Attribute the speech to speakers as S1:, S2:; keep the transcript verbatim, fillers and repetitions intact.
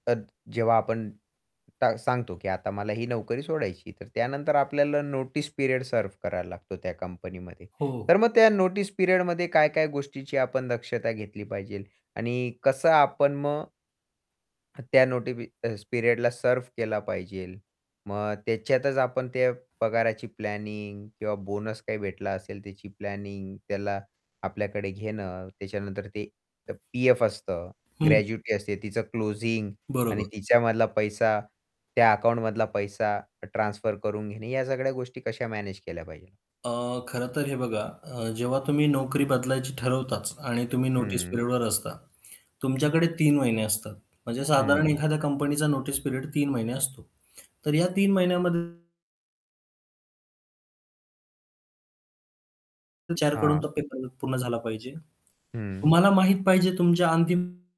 S1: तर जेव्हा आपण ट सांगतो, की आता मला ही नोकरी सोडायची आहे, तर त्यानंतर आपल्याला नोटीस पिरियड सर्व्ह करावा लागतो, त्या कंपनीमध्ये.
S2: हो.
S1: तर मग त्या नोटीस पिरियडमध्ये काय-काय गोष्टीची आपण दक्षता घेतली पाहिजे आणि कसं आपण मग त्या नोटीपी पिरियडला सर्व्ह केला पाहिजेल. मग त्याच्यातच आपण ते पगाराची प्लॅनिंग किंवा बोनस काही भेटला असेल त्याची प्लॅनिंग त्याला आपल्याकडे घेणं, त्याच्यानंतर ते पीएफ असतं
S2: हं.
S1: ग्रॅज्युटी असते, तिचं क्लोजिंग आणि
S2: बरोबर.
S1: तिच्यामधला पैसा त्या अकाउंटमधला पैसा ट्रान्सफर करून घेणे या सगळ्या गोष्टी कशा मॅनेज केल्या पाहिजे.
S2: अ, खरं तर हे बघा अ, जेव्हा तुम्ही नोकरी बदलायची ठरवताच आणि तुम्ही नोटीस
S1: हं.
S2: पिरियडवर असता तुमच्याकडे तीन महिने असतात म्हणजे साधारण
S1: हं.
S2: एखाद्या कंपनीचा नोटीस पिरियड तीन महिने असतो. तर या तीन महिन्यामध्ये एचआर कडून
S1: हां.
S2: तो [unintelligible] पूर्ण झाला पाहिजे.
S1: हं.
S2: तुम्हाला माहित पाहिजे तुमच्या अंतिम